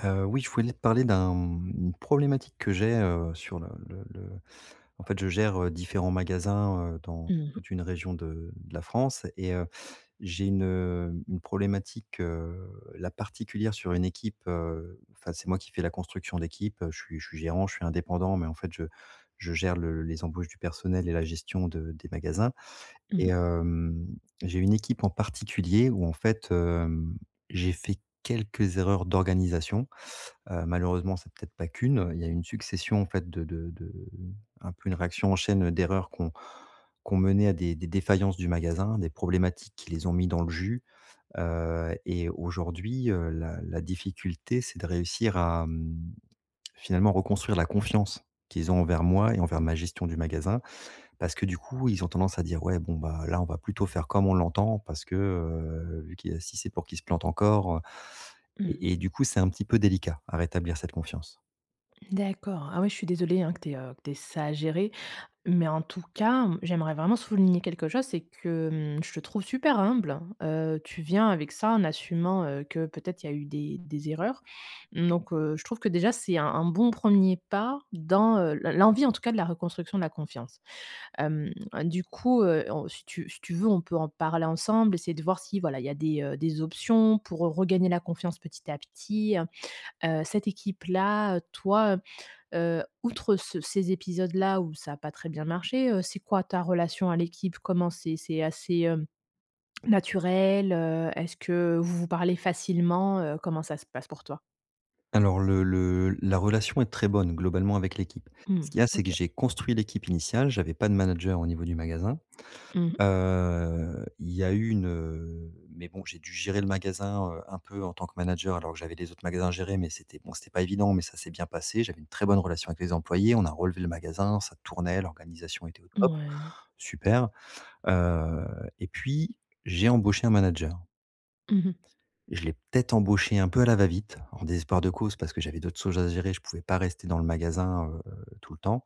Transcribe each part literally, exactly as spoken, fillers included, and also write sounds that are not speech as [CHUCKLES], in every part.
Heu, oui je voulais te parler d'un, hem, une problématique que j'ai, heu, sur le le le en fait je gère, heu, différents magasins, heu, dans Mmh mh. toute une région de de la France. Et heu, j'ai une une problématique, heu, là particulière sur une équipe, heu enfin c'est moi qui fais la construction d'équipe, heu, je suis je suis gérant, je suis indépendant, mais en fait je je gère le les embauches du personnel et la gestion de des magasins. Mmh Et mh. hem, j'ai une équipe en particulier où en fait, hem, j'ai fait quelques erreurs d'organisation, heu, malheureusement c'est peut-être pas qu'une, il y a une succession en fait de de de un peu une réaction en chaîne d'erreurs qui ont qui ont mené à des des défaillances du magasin, des problématiques qui les ont mis dans le jus. Heu et aujourd'hui, heu, la la difficulté, c'est de réussir à, hem, finalement, reconstruire la confiance qu'ils ont envers moi et envers ma gestion du magasin. Parce que du coup, ils ont tendance à dire: «Ouais, bon, bah, là, on va plutôt faire comme on l'entend parce que, heu, vu qu'il a si c'est pour qu'il se plante encore, heu» Mmh. et et du coup, c'est un petit peu délicat, à rétablir cette confiance. D'accord. Ah oui, je suis désolée hein que tu aies, heu, que tu aies ça à gérer. Mais en tout cas, mmh, j'aimerais vraiment souligner quelque chose, c'est que, mmh, je te trouve super humble. Heu, tu viens avec ça, en assumant, heu, que peut-être il y a eu des des erreurs. Donc, heu, je trouve que déjà c'est un un bon premier pas dans, heu, l l'envie en tout cas de la reconstruction de la confiance. Hem, du coup, heu, on si tu si tu veux on peut en parler ensemble, essayer de voir si voilà, il y a des, heu, des options pour re regagner la confiance petit à petit. Heu heu, cette équipe-là, heu, toi, heu heu, outre ce ces épisodes-là où ça a pas très bien marché, heu, c'est quoi ta relation à l'équipe? Comment c'est? C'est assez, hem, naturel, heu, est-ce que vous vous parlez facilement? Heu, comment ça se passe pour toi? Alors le le la relation est très bonne globalement avec l'équipe. Ce Mmh. qu'il y a c'est que OK. j'ai construit l'équipe initiale, j'avais pas de manager au niveau du magasin. Mmh mh. Heu il y a eu une, heu, mais bon j'ai dû gérer le magasin, heu, un peu en tant que manager alors que j'avais les autres magasins à gérer mais c'était, bon, c'était pas évident mais ça s'est bien passé, j'avais une très bonne relation avec les employés, on a relevé le magasin, ça tournait, l'organisation était au top. Ouais. Super. Heu et puis, j'ai embauché un manager. Mmh mh. Je l'ai peut-être embauché un peu à la va-vite, en désespoir de cause parce que j'avais d'autres sojes à gérer, je pouvais pas rester dans le magasin, heu heu, tout le temps.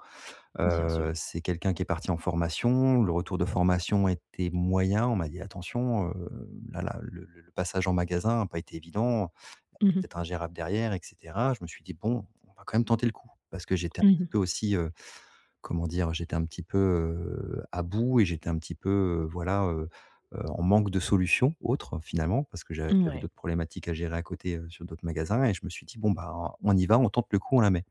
Bien su Heu, c'est quelqu'un qui est parti en formation. Le retour de formation était moyen. On m'a dit attention, heu, là là, le le passage en magasin a pas été évident, [UNINTELLIGIBLE] Mmh peut être mh. ingérable derrière, et cetera. Je me suis dit: «Bon, on va quand même tenter le coup». Parce que j'étais Mmh un mh. peu aussi, heu, comment dire? J'étais un petit peu heu à bout et j'étais un petit peu, heu, voilà, heu heu, en manque de solution, autre, finalement, parce que j'a Mmh, j'avais ouais. d'autres problématiques à gérer à côté, heu, sur d'autres magasins et je me suis dit: «Bon, ben on y va, on tente le coup, on la met».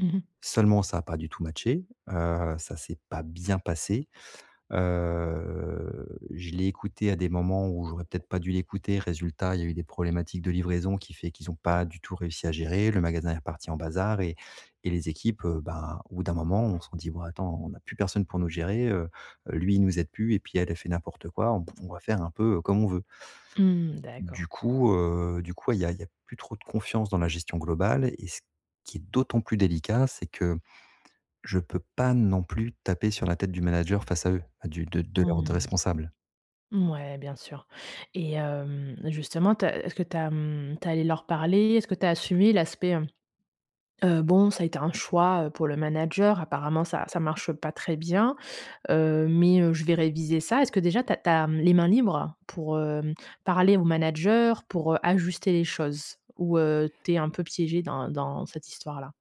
Mmh mh. Seulement, ça a pas du tout matché heu, ça s'est pas bien passé. Heu, je l'ai écoutée à des moments où j'aurais peut-être pas dû l'écouter. Résultat, il y a eu des problématiques de livraison qui fait qu'ils ont pas du tout réussi à gérer. Le magasin est parti en bazar et et les équipes, heu, ben, au bout d'un moment, ont se sont dit: «Bon attends on a plus personne pour nous gérer, heu, lui nous aide plus et puis elle, elle fait n'importe quoi, on va faire un peu, heu, comme on veut». Mmh. D'accord. Du coup, heu, du coup il y a y a plus trop de confiance dans la gestion globale et ce qui est d'autant plus délicat, c'est que, je peux pas non plus taper sur la tête du manager face à eux, à du de de leur de Mmh. responsable. Mouais, bien sûr. Et, hem, justement, tu as est-ce que tu as, mmh, tu es allé leur parler? Est-ce que tu as assumé l'aspect, hem, heu, bon, ça a été un choix, heu, pour le manager, apparemment, ça ça marche pas très bien. Heu, mais, heu, je vais réviser ça. Est-ce que déjà tu as tu as, mmh, les mains libres pour, hem, parler au manager pour, heu, ajuster les choses? Ou, heu, tu es un peu piégé dans dans cette histoire-là?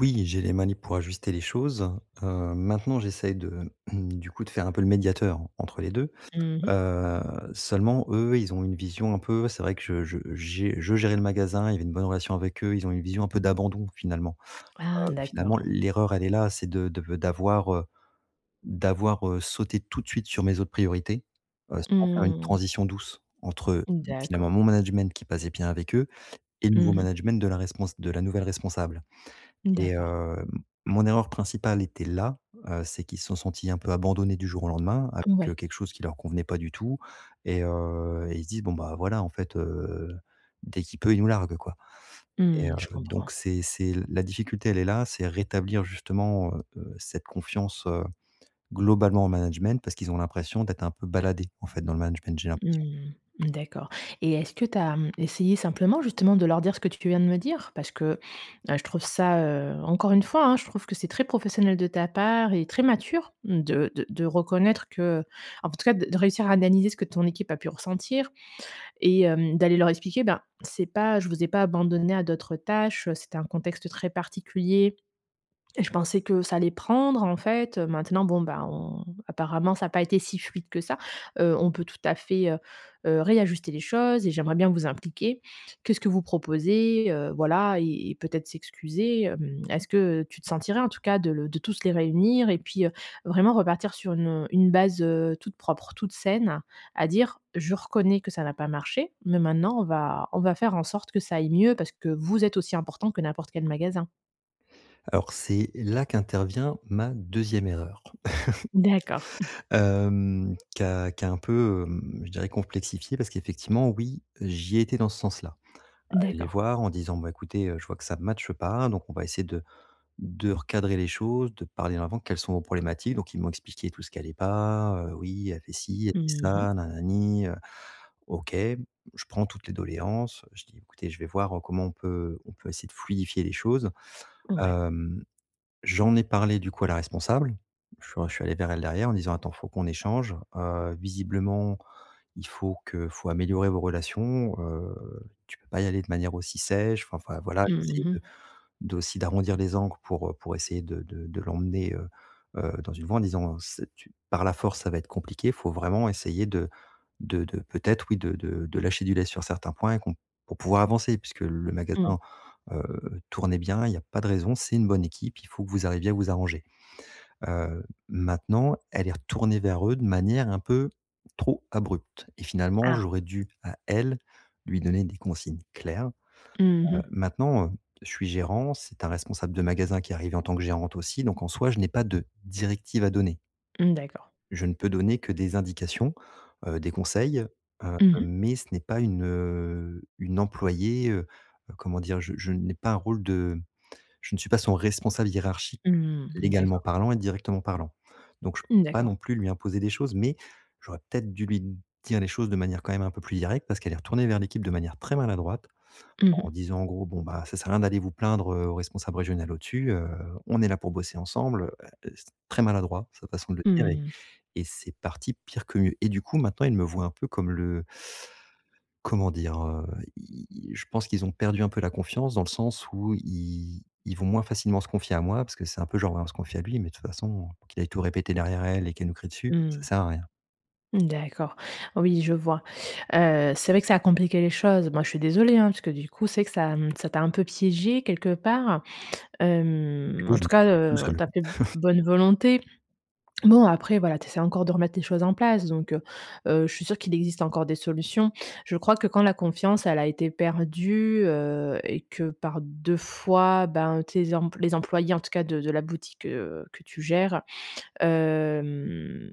Oui, j'ai les manips pour ajuster les choses. Heu, maintenant, j'essaye de du coup, de faire un peu le médiateur entre les deux. Mmh mh. Heu, seulement eux, ils ont une vision un peu c'est vrai que je je j'ai je gérais le magasin, il y avait une bonne relation avec eux. Ils ont une vision un peu d'abandon, finalement. Ah! Heu, finalement, D'accord. l'erreur, elle est là, c'est de de v d'avoir, heu, d'avoir, heu, sauté tout de suite sur mes autres priorités, heu, sans faire une Mmh. transition douce, entre, heu, finalement, D'accord. mon management qui passait bien avec eux et le nouveau Mmh mh. management de la respons de la nouvelle responsable et D'accord. heu, mon erreur principale était là. Heu, c'est qu'ils se sont sentis un peu abandonnés du jour au lendemain avec, heu, Ouais. quelque chose qui leur convenait pas du tout et heu, et ils se disent: «Bon, ben, voilà, en fait, heu, dès qu'il peut, il nous largue, quoi» et heu, Mmh. Je comprends. donc c'est c'est la difficulté, elle est là. C'est rétablir, justement, heu, heu, cette confiance, heu, globalement en management, parce qu'ils ont l'impression d'être un peu baladés en fait, dans le management, j'ai l'impression. Mmh, d'accord et est-ce que tu as, mmh, essayé simplement, justement, de leur dire ce que tu viens de me dire? Parce que, heu, je trouve ça, heu encore une fois, hein, je trouve que c'est très professionnel de ta part et très mature de de de reconnaître que, heu en tout cas de de réussir à analyser ce que ton équipe a pu ressentir et hem, d'aller leur expliquer: «Ben, c'est pas je vous ai pas abandonnés à d'autres tâches, heu, c'était un contexte très particulier. Je pensais que ça allait prendre, en fait. Heu, maintenant, bon, ben, on apparemment, ça a pas été si fluide que ça. Heu, on peut tout à fait, heu, heu, réajuster les choses et j'aimerais bien vous impliquer. Qu'est-ce que vous proposez?». Heu, voilà et et peut-être s'excuser, hem. Est-ce que, heu, tu te sentirais, en tout cas, de le de tous les réunir et puis, heu, vraiment repartir sur une, heu, une base, heu, toute propre, toute saine, à dire: «Je reconnais que ça n'a pas marché, mais maintenant, on va on va faire en sorte que ça aille mieux parce que vous êtes aussi importants que n'importe quel magasin.» Alors c'est là qu'intervient ma deuxième erreur. D'accord. [CHUCKLES] [CHUCKLES] Hem, qui a qui a un peu, hem, je dirais, complexifié parce qu'effectivement, oui, j'y étais dans ce sens-là. À aller les D'accord. voir en disant: «Bah, écoutez, heu, je vois que ça match pas, donc on va essayer de de recadrer les choses, de parler en avant, quelles sont vos problématiques?». Donc ils m'ont expliqué tout ce qui allait pas: «Heu, oui, elle fait ci, elle fait Mmh mh. ça, na na ni, heu» OK. Je prends toutes les doléances, je dis: «Ecoutez, je vais voir, heu, comment on peut on peut essayer de fluidifier les choses». Ouais. Hem, j'en ai parlé, du coup, à la responsable. Je suis je suis allé vers elle derrière en disant: «Attends, faut qu'on échange, heu, visiblement, il faut que faut améliorer vos relations. Heu, tu peux pas y aller de manière aussi sèche», enfin fin voilà, j'ai Mmh essayé de mh. d'aussi d'arrondir les angles pour, heu, pour essayer de de de l'emmener, heu, heu, dans une voie en disant: «C'est tu par la force ça va être compliqué. Faut vraiment essayer de de de peut-être, oui de de de lâcher du lest sur certains points et qu'on pour pouvoir avancer, puisque le Mmh. magasin, heu, tournait bien, il y a pas de raison, c'est une bonne équipe, il faut que vous arriviez à vous arranger». Heu, maintenant, elle est retournée vers eux de manière un peu trop abrupte et finalement, Ah. j'aurais dû, à elle, lui donner des consignes claires. Mmh Heu, mh. maintenant, heu, je suis gérant, c'est un responsable de magasin qui est arrivé en tant que gérante aussi, donc en soi, je n'ai pas de directives à donner. Mmh. D'accord. Je ne peux donner que des indications, heu, des conseils, heu, Mmh mh. mais ce n'est pas une, heu, une employée. Heu, heu, comment dire? Je je n'ai pas un rôle de je ne suis pas son responsable hiérarchique, Mmh. légalement D'accord. parlant et directement parlant. Donc je peux Mmh. pas D'accord. non plus lui imposer des choses, mais j'aurais peut-être dû lui dire les choses de manière quand même un peu plus directe. Parce qu'elle est retournée vers l'équipe de manière très maladroite Mmh mh. en disant en gros: «Bon, ben, ça sert à rien d'aller vous plaindre heu, au responsable régional au-dessus, heu, on est là pour bosser ensemble» heu, et c'est très maladroit sa façon de le dire Mmh et mh. et c'est parti pire que mieux et du coup, maintenant, ils me voient un peu comme le comment dire? Heu, ils ils je pense qu'ils ont perdu un peu la confiance dans le sens où ils ils vont moins facilement se confier à moi parce que c'est un peu genre: «Ouais, on va se se confier à lui, mais de toute façon, qu'il aille tout répéter derrière à elle et qu'elle nous crie dessus, Mmh ça mh. sert à rien.» D'accord, oui, je vois. Heu, c'est vrai que ça a compliqué les choses. Moi, je suis désolée, hein, parce que du coup, c'est vrai que ça ça t'a un peu piégé quelque part. Hem, Oui, en je me tout cas, suis [UNINTELLIGIBLE] tout heu, seul. tu as fait [CHUCKLES] bonne volonté. Bon, après, voilà, tu essaies encore de remettre les choses en place, donc heu, heu, je suis sûre qu'il existe encore des solutions. Je crois que quand la confiance, elle a été perdue, heu et que par deux fois, ben, tes emp les employés, en tout cas de de la boutique, heu, que tu gères, hem,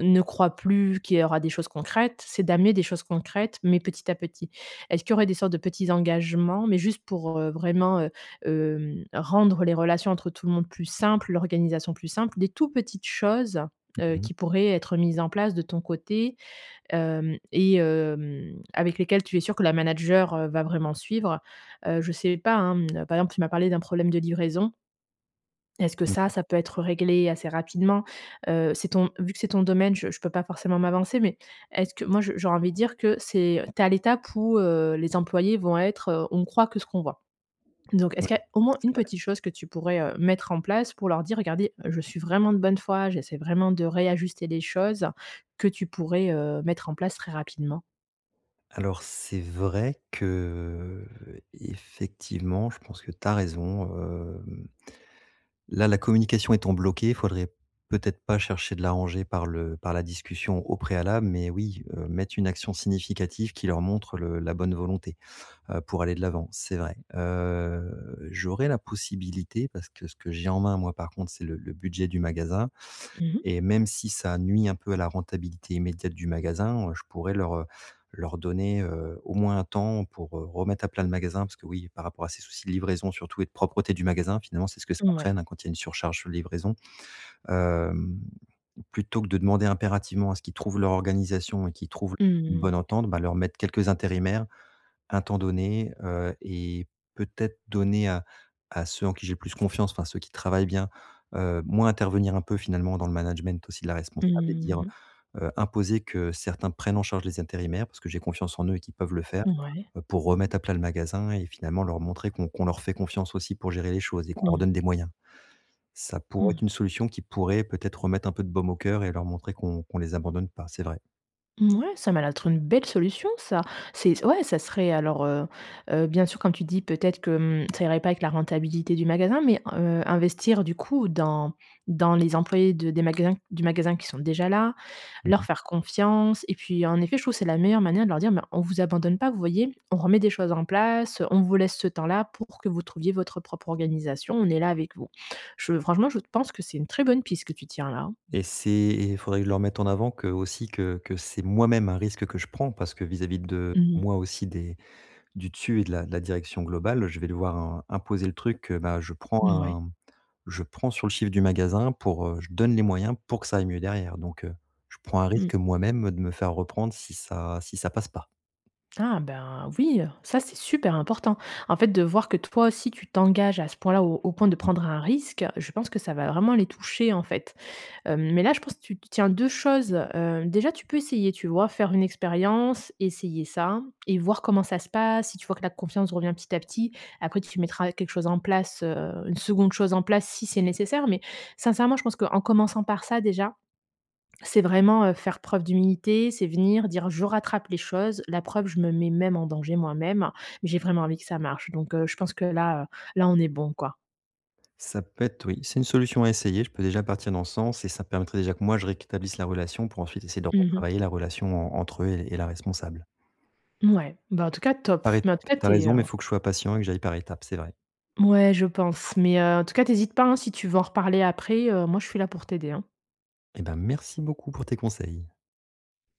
ne croient plus qu'il y aura des choses concrètes, c'est d'amener des choses concrètes, mais petit à petit. Est-ce qu'il y aurait des sortes de petits engagements, mais juste pour, heu, vraiment, heu, hem, rendre les relations entre tout le monde plus simples, l'organisation plus simple, des tous petites choses, heu, Mmh mh. qui pourraient être mises en place de ton côté, hem, et hem, avec lesquelles tu es sûr que la manager, heu, va vraiment suivre? Heu, je sais pas, hein, mmh, par exemple, tu m'as parlé d'un problème de livraison est-ce que Mmh ça, mh. ça peut être réglé assez rapidement? Heu, c'est ton vu que c'est ton domaine, je je peux pas forcément m'avancer, mais est-ce que moi, je j'ai envie de dire que c'est tu es à l'étape où, heu, les employés vont être, heu: «On croit que ce qu'on voit.» Donc Ouais, est-ce qu'il y a au moins c'est une vrai. petite chose que tu pourrais, heu, mettre en place pour leur dire: «Regardez, je suis vraiment de bonne foi, j'essaie vraiment de réajuster des choses», que tu pourrais, heu, mettre en place très rapidement? Alors c'est vrai que, heu, effectivement je pense que tu as raison, hem, là la communication étant bloquée, faudrait peut-être pas chercher de l'arranger par le par la discussion, au préalable, mais oui, heu, mettre une action significative qui leur montre le la bonne volonté, heu, pour aller de l'avant, c'est vrai. Heu j'aurais la possibilité, parce que ce que j'ai en main, moi, par contre, c'est le le budget du magasin Mmh mh. et même si ça nuit un peu à la rentabilité immédiate du magasin, je pourrais leur, heu, leur donner, heu, au moins un temps pour, heu, remettre à plat le magasin parce que, oui, par rapport à ces soucis de livraison surtout et de propreté du magasin, finalement, c'est ce que ça Ouais. entraîne, hein, quand il y a une surcharge chu livraison. Hem, plutôt que de demander impérativement à ce qu'ils trouvent leur organisation et qu'ils trouvent une Mmh mh. bonne entente, bah, leur mettre quelques intérimaires, un temps donné, heu et peut-être donner à à ceux en qui j'ai le plus confiance enfin, ceux qui travaillent bien, heu, moins intervenir, un peu, finalement, dans le management aussi de la responsable et Mmh dire, mh. heu imposer que certains prennent en charge les intérimaires. Parce que j'ai confiance en eux et qu'ils peuvent le faire, Ouais. heu, pour remettre à plat le magasin et finalement leur montrer qu'on qu'on leur fait confiance aussi pour gérer les choses et qu'on leur Mmh. donne des moyens. Ça pourrait être une Mmh. solution qui pourrait, peut-être, remettre un peu de baume au coeur et leur montrer qu'on qu'on les abandonne pas, c'est vrai. Ouais, ça m'a l'air d'être une belle solution ça. C'est c ouais ça serait alors, heu, heu, bien sûr quand tu dis peut-être que, hem, ça irait pas avec la rentabilité du magasin mais, heu, investir du coup dans dans les employés de des magasins du magasin qui sont déjà là, Mmh leur mh. faire confiance et puis, en effet, je trouve c'est la meilleure manière de leur dire «Mais on vous abandonne pas vous voyez? On remet des choses en place, on vous laisse ce temps-là pour que vous trouviez votre propre organisation, on est là avec vous». Je franchement, je pense que c'est une très bonne piste que tu tiens là, hein. Et c'est et faudrait que je leur mette en avant que, heu, aussi que que c'est moi-même un risque que je prends, parce que vis-à-vis de Mmh mh. moi aussi, des du dessus et de la de la direction globale, je vais devoir im imposer le truc que ben, heu, je prends Ouais. un je prends sur le chiffre du magasin pour, heu je donne les moyens pour que ça aille mieux derrière donc, heu, je prends un Mmh. risque moi-même de me faire reprendre si ça si ça passe pas. Ah ben, hein, oui, ça c'est super important. En fait, de voir que toi aussi tu t'engages à ce point-là, au au point de Mmh. prendre un risque, je pense que ça va vraiment les toucher en fait. Hem, mais là, je pense tu tu tiens deux choses, heu, déjà tu peux essayer, tu vois? Faire une expérience essayer ça et voir comment ça se passe, si tu vois que la confiance revient, petit à petit, après tu mettras quelque chose en place, heu, une seconde chose en place si c'est nécessaire, mais, sincèrement je pense qu'en commençant par ça déjà, c'est vraiment, heu, faire preuve d'humilité, c'est venir, dire: «Je rattrape les choses, la preuve, je me mets même en danger moi-même, mais j'ai vraiment envie que ça marche donc, heu, je pense que là, heu, là on est bon, quoi». Ça peut être oui c'est une solution à essayer, je peux déjà partir dans ce sens et ça permettrait déjà que moi je réqtablisse la relation pour ensuite essayer de Mmh mh. retravailler la relation en entre eux et et la responsable. Ouais, bah, en tout cas, top, Par mais, en tout étape, cas, tu as tu es, raison, heu mais il faut que je sois patient et que j'aille par étape, c'est vrai. Ouais, je pense, mais, heu, en tout cas, tu hésites pas, hein, si tu veux en reparler après, heu, moi je suis là pour t'aider, hein. Et ben, merci beaucoup pour tes conseils.